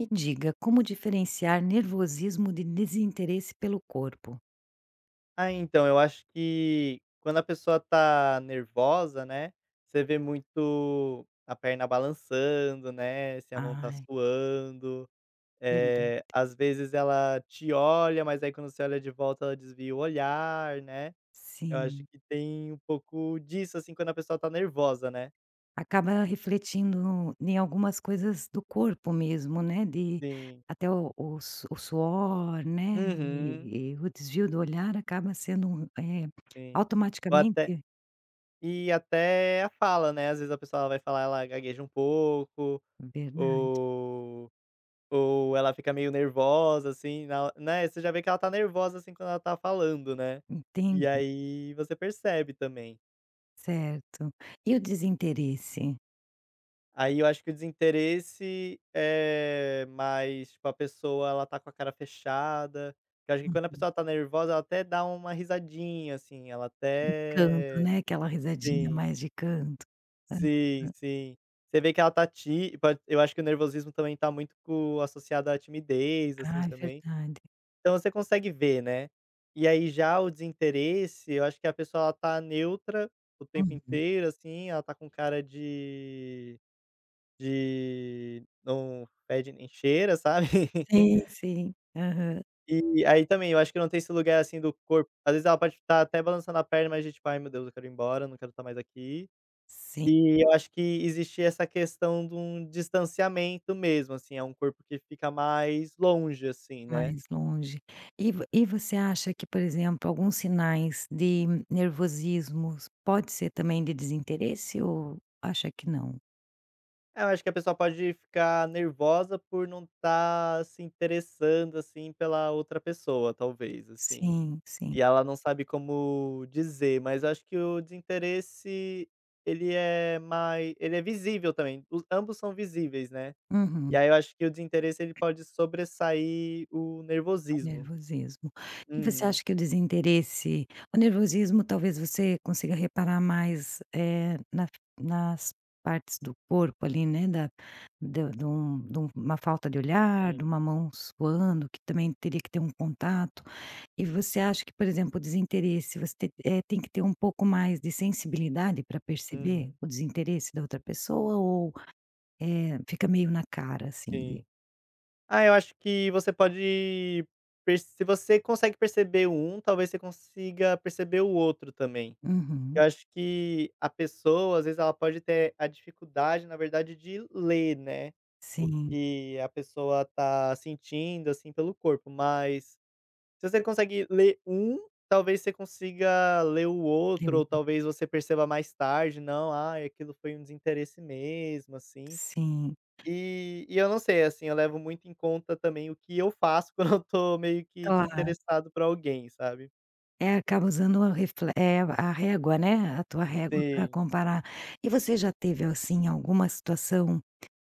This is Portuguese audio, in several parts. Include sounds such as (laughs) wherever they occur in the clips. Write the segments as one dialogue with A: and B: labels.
A: Me diga como diferenciar nervosismo de desinteresse pelo corpo?
B: Ah, então, eu acho que quando a pessoa tá nervosa, né, você vê muito a perna balançando, né, se a mão está
A: Ai.
B: suando,
A: Verda
B: eh, às vezes ela te olha mas aí quando você olha de volta ela desvia o olhar, né, eu acho
A: Sim.
B: que tem um pouco disso, assim, quando a pessoa está nervosa, né.
A: Acaba refletindo em algumas coisas do corpo mesmo, né, de
B: Sim.
A: até o o su o suor, né,
B: Uhum.
A: e e o desvio do olhar acaba sendo um eh,
B: Sim, ou até
A: automaticamente
B: e até a fala, né, às vezes a pessoa, ela vai falar, ela gagueja um pouco,
A: Verdade.
B: ou ou ela fica meio nervosa, assim, na né, você já vê que ela está nervosa, assim, quando ela está falando, né, e
A: Entendi.
B: aí você percebe também.
A: Certo. E o desinteresse?
B: Aí eu acho que o desinteresse é, mais, tipo, a pessoa ela está com a cara fechada, que eu acho que quando a
A: Uhum.
B: pessoa está nervosa ela até dá uma risadinha, assim, ela
A: De canto,
B: até
A: né, aquela risadinha
B: sim.
A: mais de canto.
B: Sim,
A: Aham.
B: sim. Você vê que ela está tí pod eu acho que o nervosismo também está muito co associada à timidez, assim,
A: Ai,
B: também.
A: verdade.
B: Então você consegue ver, né. E aí já o desinteresse, eu acho que a pessoa ela está neutra, o tempo
A: Uhum.
B: inteiro assim, ela está com cara de de não fede e nem cheira, sabe. (laughs)
A: Sim, sim. Aham.
B: E aí, também, eu acho que não tem esse lugar, assim, do corpo, às vezes ela pode f tá até balançando a perna mas de tipo: "Ai meu Deus, eu quero ir embora, não quero estar mais aqui".
A: Sim.
B: E eu acho que existe essa questão de um distanciamento mesmo, assim, é um corpo que fica mais longe, assim, né.
A: Mais longe. E vo e você acha que, por exemplo, alguns sinais de nervosismos, pode ser também de desinteresse ou acha que não?
B: É, eu acho que a pessoa pode ficar nervosa por não estar se interessando, assim, pela outra pessoa, talvez, assim,
A: Sim, sim.
B: e ela não sabe como dizer. Mas acho que o desinteresse ele é mai ele é visível também, os ambos são visíveis, né, e
A: Uhum.
B: aí eu acho que o desinteresse, ele pode sobressair o nervosismo.
A: Nervosismo. E você
B: Uhum.
A: acha que o desinteresse o nervosismo talvez você consiga reparar mais, eh, na nas partes do corpo ali né da de de um de um uma falta de olhar, de
B: Sim.
A: uma mão suando que também teria que ter um contato. E você acha que, por exemplo, o desinteresse, você te eh, tem que ter um pouco mais de sensibilidade pra perceber
B: Uhum.
A: o desinteresse da outra pessoa? Ou, eh, fica meio na cara assim de
B: Sim. Ah, eu acho que você pode perce se você consegue perceber um, talvez você consiga perceber o outro também. Eu
A: Uhum.
B: acho que a pessoa, às vezes, ela pode ter a dificuldade na verdade de ler, né, o
A: Sim.
B: que a pessoa está sentindo assim pelo corpo, mas, se você consegue ler um, talvez você consiga ler o outro, ou
A: (unintelligible)
B: talvez você perceba mais tarde "não, ai, aquilo foi um desinteresse mesmo, assim".
A: Sim.
B: E e eu não sei, assim, eu levo muito em conta também o que eu faço (chuckles) quando eu estou meio que
A: Claro.
B: desinteressado por alguém, sabe.
A: É, acaba usando o refle eh, a régua, né, a tua régua pra
B: Sim.
A: comparar. E você já teve, assim, alguma situação,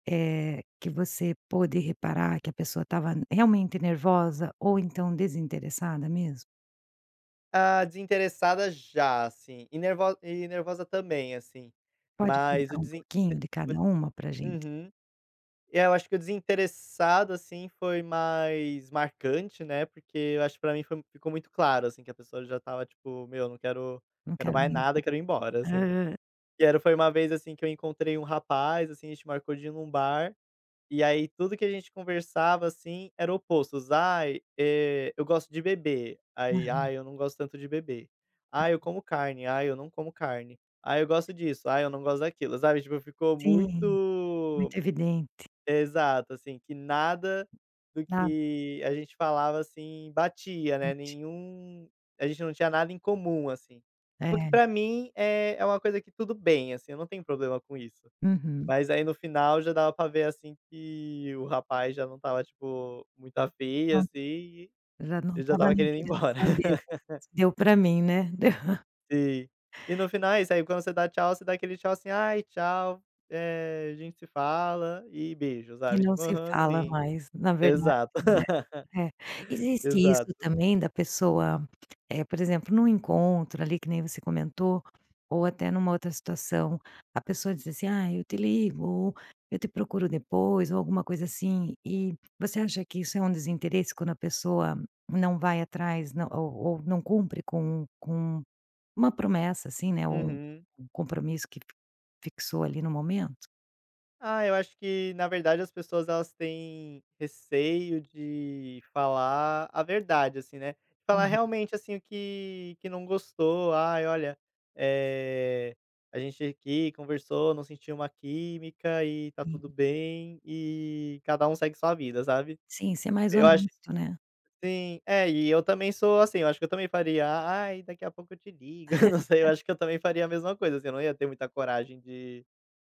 A: eh, que você pôde reparar que a pessoa estava realmente nervosa, ou, então, desinteressada mesmo?
B: Ah, desinteressada, já, assim, e nervo e nervosa também, assim,
A: Pode
B: mas
A: contar
B: o
A: um
B: desin
A: pouquinho
B: t
A: de cada uma pra
B: um
A: gente?
B: uhum. É, eu acho que o desinteressado, assim, foi mais marcante né, porque eu acho pra mim foi ficou muito claro, assim, que a pessoa já estava, tipo: "Meu não quero
A: Não
B: quero
A: quero
B: mais
A: nem
B: nada,
A: ouvir.
B: eu quero ir embora, assim".
A: Hã.
B: E era foi uma vez, assim, que eu encontrei um rapaz, assim, a gente marcou de ir num bar, e aí tudo que a gente conversava, assim, eram opostos: "Ai, eh, eu gosto de beber", aí:
A: Aham.
B: "Ai, eu não gosto tanto de beber". "Ai, eu como carne", "ai, eu não como carne". "Ai, eu gosto disso", "ai eu não gosto daquilo", sabe, tipo, ficou
A: Sim, muito
B: muito
A: evidente.
B: exato, assim, que nada do
A: Nada.
B: que a gente falava, assim, batia, né,
A: (unintelligible)
B: nenhum a gente não tinha nada em comum, assim, o que,
A: É.
B: pra mim, eh, é uma coisa que tudo bem, assim, eu não tenho problema com isso.
A: Uhum.
B: Mas aí no final, já dava pra ver assim que o rapaz já não estava tipo, muito afim,
A: Não,
B: assim, e
A: já não
B: ele já
A: estava
B: estava
A: nem
B: querendo ir
A: querendo
B: embora.
A: saber.
B: (laughs)
A: Deu pra mim né? (laughs)
B: Sim. E no final é isso. Aí quando você dá tchau, você dá aquele tchau, assim: "Ai, tchau, eh, a gente se fala", e beijo,
A: E
B: sabe.
A: não
B: Tipo
A: se
B: aham,
A: fala
B: sim.
A: mais na verdade
B: Exato,
A: né, é.
B: (laughs)
A: Existe isso
B: exato.
A: também da pessoa, eh, por exemplo, num encontro ali que nem você comentou, ou até numa outra situação, a pessoa diz assim: "Ai eu te ligo, eu te procuro depois", ou alguma coisa assim, e, você acha que isso é um desinteresse quando a pessoa não vai atrás não ou ou não cumpre com com uma promessa, assim, né, ou um
B: Uhum.
A: um compromisso que f fixou ali no momento?
B: Ah, eu acho que, na verdade as pessoas elas têm, receio de falar a verdade, assim né? Falar
A: Uhum.
B: realmente assim, o que que não gostou, "ai olha, eh, a gente aqui conversou não sentiu uma química e tá tudo
A: Hum.
B: bem, e cada um segue sua vida", sabe?
A: Sim, ser mais
B: Eu acho
A: honesto, né?
B: sim. É e eu também sou assim, eu acho que eu também faria: "Ai daqui a pouco eu te ligo, (laughs) eu não sei eu
A: (laughs)
B: acho que eu também faria a mesma coisa assim, eu não ia ter muita coragem de,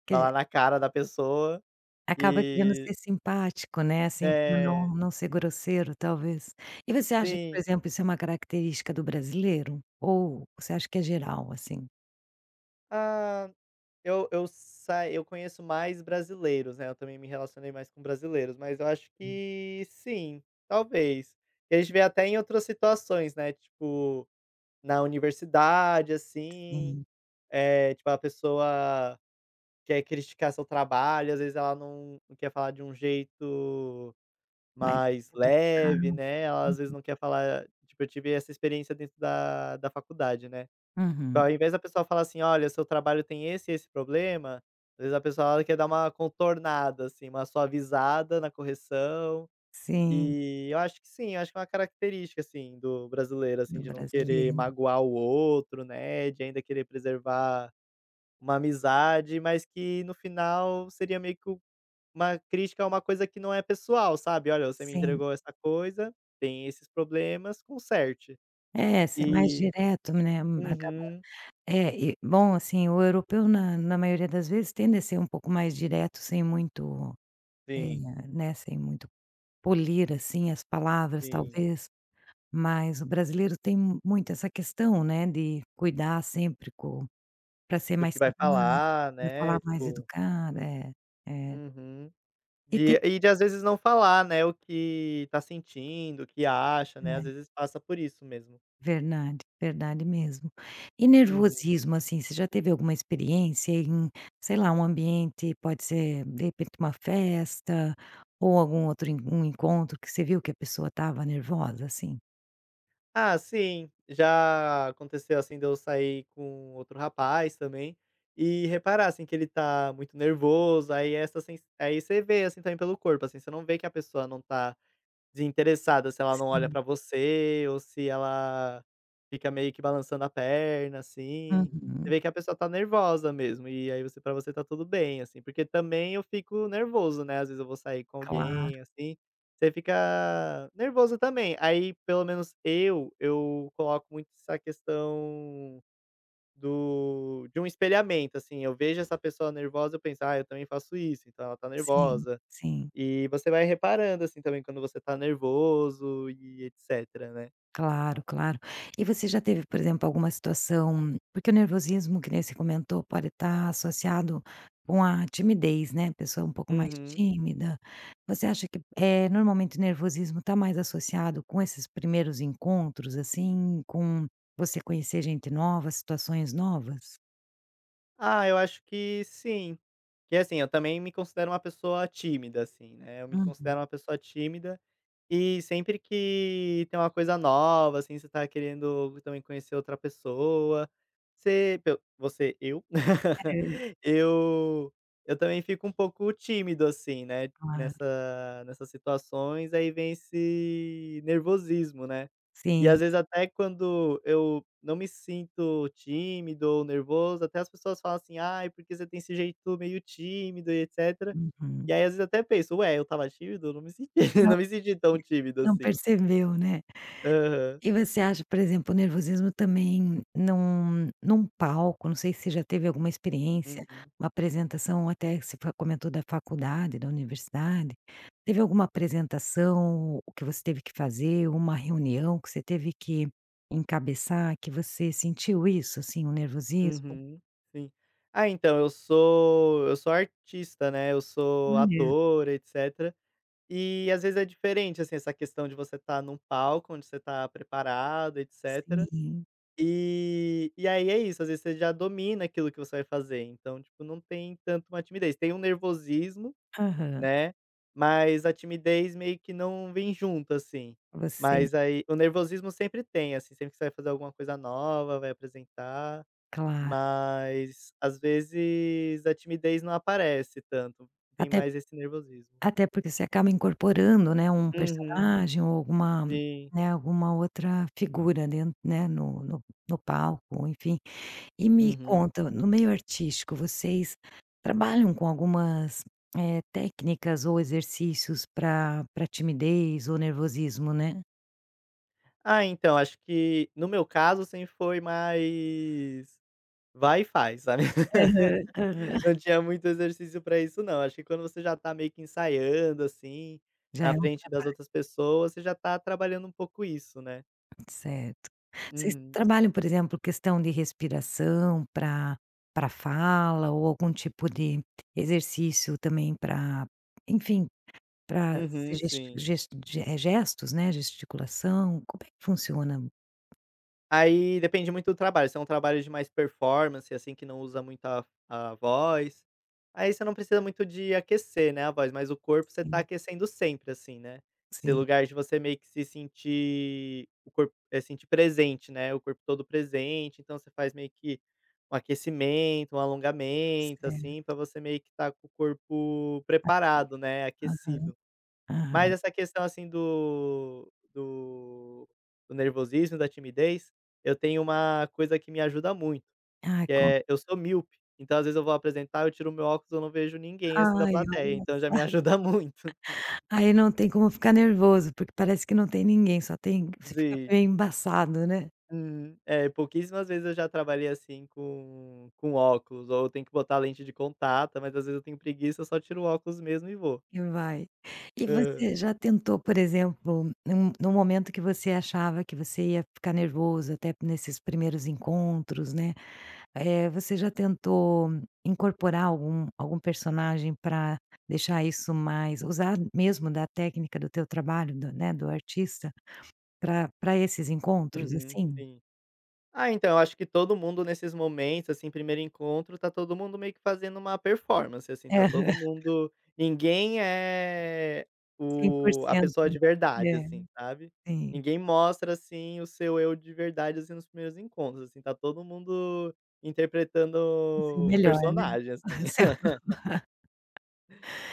A: Que dizer
B: falar na cara da pessoa,
A: Acaba querendo
B: que
A: ser simpático, né, assim pra não
B: é.
A: não ser grosseiro, talvez. E você acha que por
B: Sim.
A: exemplo isso é uma característica do brasileiro? Ou você acha que é geral, assim?
B: Ah, eu eu sai eu conheço mais brasileiros, né, eu também me relacionei mais com brasileiros, mas eu acho
A: Hum.
B: que, sim. Talvez. E a gente vê até em outras situações, né, tipo, na universidade, assim,
A: Sim.
B: eh, tipo a pessoa quer criticar seu trabalho às vezes ela não quer falar de um jeito
A: Mais
B: mais leve,
A: educada.
B: né, ela às vezes
A: Uhum.
B: não quer falar, tipo, "eu tive essa experiência dentro da da faculdade" né? Tipo
A: Uhum.
B: ao invés da pessoa fala assim: "Olha, o seu trabalho tem esse e esse problema", às vezes a pessoa ela quer dar uma contornada, assim, uma suavizada na correção,
A: Sim.
B: eh, eu acho que sim, acho que é uma característica assim do brasileiro, assim,
A: No
B: de não querer
A: brasileiro.
B: magoar o outro, né, de ainda querer preservar uma amizade mas que no final seria meio que uma crítica a uma coisa que não é pessoal, sabe? "Olha, você me
A: Sim.
B: entregou essa coisa, tem esses problemas, conserte!".
A: É, ser mais
B: Eh,
A: direto, né, um acaba,
B: uhum.
A: é e bom assim, o europeu na na maioria das vezes tende a ser um pouco mais direto sem muito, eh,
B: Sim.
A: né, sem muito, polir assim as palavras
B: Sim.
A: talvez, mas o brasileiro tem mu muito essa questão, né, de cuidar sempre co pra ser
B: Do
A: mais
B: que vai
A: simpático,
B: falar,
A: pra falar
B: né,
A: mais
B: tipo
A: educado é. É.
B: Uhum.
A: E ter
B: De e de às vezes não falar, né, o que está sentindo o que acha, né, às
A: (unintelligible)
B: vezes passa por isso mesmo.
A: Verdade. Verdade, mesmo. E
B: Uhum.
A: nervosismo, assim, você já teve alguma experiência em, sei lá, um ambiente pode ser de repente uma festa ou algum outro um encontro que você viu que a pessoa estava nervosa, assim?
B: Ah sim, já aconteceu, assim, de eu sair com outro rapaz também. E reparar assim que ele tá muito nervoso, aí essa sens aí você vê assim também pelo corpo assim, você não vê que a pessoa não tá desinteressada, se ela não olha
A: Sim.
B: para você ou se ela fica meio que balançando a perna assim. Você
A: Uhum.
B: vê que a pessoa tá nervosa mesmo, e aí você para você está tudo bem, assim, porque também eu fico nervoso, né, às vezes eu vou sair com
A: Claro.
B: alguém, assim, você fica nervoso também, aí pelo menos eu eu coloco muito essa questão, do de um espelhamento assim. Eu vejo essa pessoa nervosa eu penso, ai eu também faço isso e tal. Ela tá
A: Sim,
B: nervosa.
A: sim.
B: E você vai reparando assim também quando você tá nervoso e etcétera né.
A: Claro, claro. E você já teve por exemplo alguma situação porque o nervosismo que nem você comentou pode estar associado com a timidez né, a pessoa um pouco mais
B: Uhum.
A: tímida? Você acha que, eh, normalmente nervosismo está mais associado com esses primeiros encontros assim, com você conhecer gente novas, situações novas?
B: Ah, eu acho que sim. Que é assim: eu também me considero uma pessoa tímida, assim, né, eu me
A: Uhum.
B: considero uma pessoa tímida. E sempre que tem uma coisa nova, assim, você tá querendo também conhecer outra pessoa, você pelo Você: eu. (laughs)
A: É.
B: Eu eu também fico um pouco tímido, assim, né,
A: Claro.
B: nessa nessas situações. Aí, vem esse nervosismo, né? E, às
A: Sim.
B: vezes, até quando eu não me sinto tímido ou nervoso, até as pessoas falam assim: "Ai, porque você tem esse jeito meio tímido e etcétera". E
A: Uhum.
B: aí, às vezes, até penso: "Ué, eu estava tímido? Eu não me senti (laughs)
A: Não,
B: não me senti tão
A: (unintelligible)
B: tímido
A: não
B: assim".
A: percebeu né?
B: Aham.
A: E você acha por exemplo, o nervosismo também num num palco não sei se você já teve alguma experiência,
B: Uhum.
A: uma apresentação até você fa comentou da faculdade, da universidade. Teve alguma apresentação que você teve que fazer, ou uma reunião que você teve que encabeçar que você sentiu isso, assim, um nervosismo?
B: Uhum, sim. Ah, então, eu sou eu sou artista, né, eu sou
A: Olha.
B: ator, etcétera. E, às vezes, é diferente, assim, essa questão de você estar num palco, onde você tá preparado, etcétera.
A: Sim.
B: Eh, e aí, é isso. Às vezes, você já domina aquilo que você vai fazer, então, tipo, não tem tanto uma timidez. Tem um nervosismo,
A: Aham.
B: né. Mas a timidez meio que não vem junto, assim,
A: Você
B: mas, aí, o nervosismo sempre tem. Assim, sempre que você vai fazer alguma coisa nova, vai apresentar,
A: Claro.
B: mas, às vezes, a timidez não aparece tanto. Tem
A: Até
B: mais esse nervosismo.
A: até porque você acaba incorporando, né, um
B: Uhum,
A: personagem ou alguma,
B: sim.
A: né, alguma outra figura, ali, né, no no no palco, enfim. E me
B: Uhum.
A: conta, no meio artístico, vocês trabalham com algumas, eh, técnicas ou exercícios pra pra timidez ou nervosismo, né?
B: Ah, então, acho que, no meu caso, sempre foi mais vai e faz, sabe?
A: Aham,
B: (laughs)
A: aham.
B: Não tinha muito exercício para isso não, acho que quando você já tá meio que ensaiando, assim,
A: Já é
B: na
A: um
B: frente das
A: trabalho.
B: outras pessoas, você já tá trabalhando um pouco isso, né?
A: Certo. Vocês
B: Uhum.
A: trabalham, por exemplo, questão de respiração pra pra fala ou algum tipo de exercício também pra enfim, pra se
B: Uhum,
A: gest
B: sim.
A: gest gest eh, gestos, né, gesticulação. Como é que funciona?
B: Aí, depende muito do trabalho. Se é um trabalho de mais performance, assim, que não usa muito a a voz, aí você não precisa muito de aquecer, né, a voz, mas o corpo você tá
A: Sim.
B: aquecendo sempre, assim, né. Esse
A: Sim.
B: lugar de você meio que se sentir o corpo eh, sentir presente, né, o corpo todo presente. Então você faz meio que um aquecimento, um alongamento, assim,
A: Certo.
B: para você meio que estar com o corpo
A: Ativo,
B: preparado, né,
A: aham,
B: aquecido. Mas
A: aham.
B: essa questão, assim, do do do nervosismo e da timidez, eu tenho uma coisa que me ajuda muito,
A: Ah,
B: que
A: conta.
B: é: eu sou míope, então às vezes eu vou apresentar, eu tiro o meu óculos eu não vejo ninguém, assim, da
A: Ai,
B: plateia,
A: olha
B: então já
A: só.
B: me ajuda muito.
A: Ai, não tem como ficar nervoso, porque parece que não tem ninguém. Só tem você fica
B: Sim.
A: bem embaçado, né?
B: Hum, é. Pouquíssimas vezes eu já trabalhei, assim, com com óculos, ou eu tenho que botar lente de contato. Mas, às vezes, eu tenho preguiça. Só tiro o óculos mesmo e vou.
A: E vai. E
B: Hã.
A: você já tentou, por exemplo, num num momento que você achava que você ia ficar nervoso até nesses primeiros encontros, né. Eh, você já tentou incorporar algum algum personagem pra deixar isso mais usar mesmo da técnica do teu trabalho do, né, do artista pra pra esses encontros
B: Uhum,
A: assim?
B: sim. Ah, então, eu acho que todo mundo nesses momentos, assim, primeiro encontro, tá todo mundo meio que fazendo uma performance, assim, tá todo
A: Aham.
B: mundo ninguém é
A: cem por
B: o a
A: cento.
B: pessoa de verdade,
A: É.
B: assim, sabe?
A: Sim.
B: Ninguém mostra, assim, o seu eu de verdade, assim, nos primeiros encontros, assim, tá todo mundo interpretando
A: O seu
B: um
A: melhor né?
B: personagem, assim.
A: Seu
B: (laughs)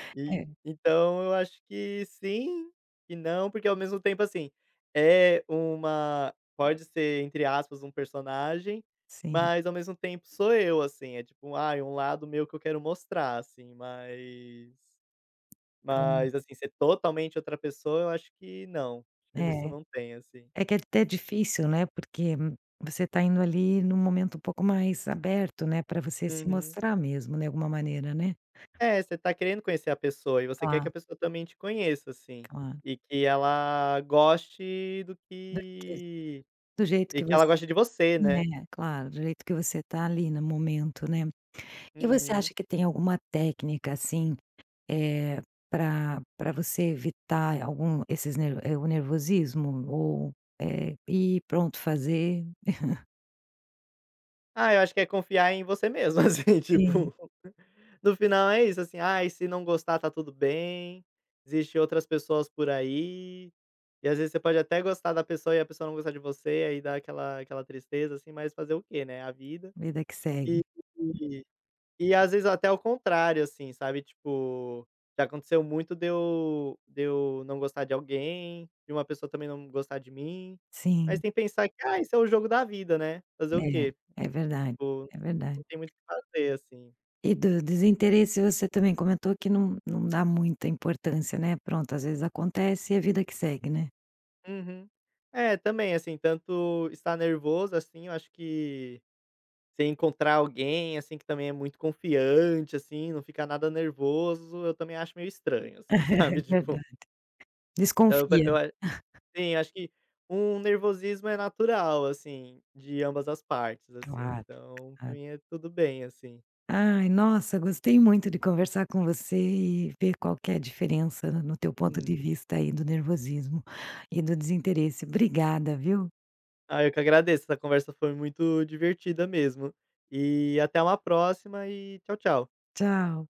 A: (laughs)
B: E
A: É.
B: então eu acho que sim, que não, porque, ao mesmo tempo, assim, é uma pode ser, entre aspas, um personagem
A: Sim.
B: mas ao mesmo tempo sou eu, assim. É tipo, ai, um lado meu que eu quero mostrar, assim, mas mas,
A: Claro.
B: assim, ser totalmente outra pessoa, eu acho que não. Acho que nisso
A: É,
B: não tem, assim.
A: é que é até difícil, né? Porque você tá indo, ali, num momento um pouco mais aberto, né, pra você se
B: Uhum.
A: mostrar mesmo, né, alguma maneira né?
B: É, você tá querendo conhecer a pessoa e você quer que
A: Tá.
B: a pessoa também te conheça assim.
A: Claro.
B: E que ela goste do
A: Do que?
B: que
A: Do jeito
B: e
A: que
B: que
A: você
B: ela goste de você, né?
A: né, claro. Do jeito que você tá ali no momento, né? E você
B: Uhum.
A: acha que tem alguma técnica, assim, eh, pra pra você evitar algum esses nerv eh, o nervosismo ou, eh, ir, pronto, fazer? (chuckles)
B: Ah, eu acho que é confiar em você mesmo, assim,
A: Sim.
B: tipo. No final é isso, assim: "Ai, se não gostar, tá tudo bem, existe outras pessoas por aí". E, às vezes, você pode até gostar da pessoa e a pessoa não gostar de você, e aí dar aquela aquela tristeza, assim, mas fazer o quê, né, é a vida.
A: Vida que
B: E
A: segue.
B: e às vezes até ao contrário, assim, sabe. Tipo, já aconteceu muito de eu de eu não gostar de alguém, de uma pessoa também não gostar de mim. Mas
A: Sim.
B: tem que pensar que: "Ah, isso é o jogo da vida, né. Fazer o
A: É.
B: quê?"
A: É verdade,
B: Vou
A: é verdade.
B: não tem muito o que fazer, assim.
A: E do desinteresse, você também comentou que não não dá muita importância, né. Pronto, às vezes acontece e a vida que segue, né?
B: Uhum. É, também. Assim, tanto estar nervoso, assim, eu acho que você encontrar alguém, assim, que também é muito confiante, assim, não fica nada nervoso, eu também acho meio estranho,
A: (laughs)
B: assim,
A: É
B: sabe, tipo
A: verdade.
B: Eu pa
A: Desconfia.
B: eu ac
A: (chuckles)
B: sim, acho que um nervosismo é natural, assim, de ambas as partes, assim.
A: Claro,
B: Então, pra
A: claro.
B: mim, é tudo bem, assim.
A: Ai, nossa, gostei muito de conversar com você e ver qual que é a diferença, no teu ponto de
B: Hum.
A: vista, aí, do nervosismo e do desinteresse. Obrigada, viu.
B: Ai, eu que agradeço. Essa conversa foi muito divertida mesmo. E até uma próxima, e tchau, tchau.
A: Tchau.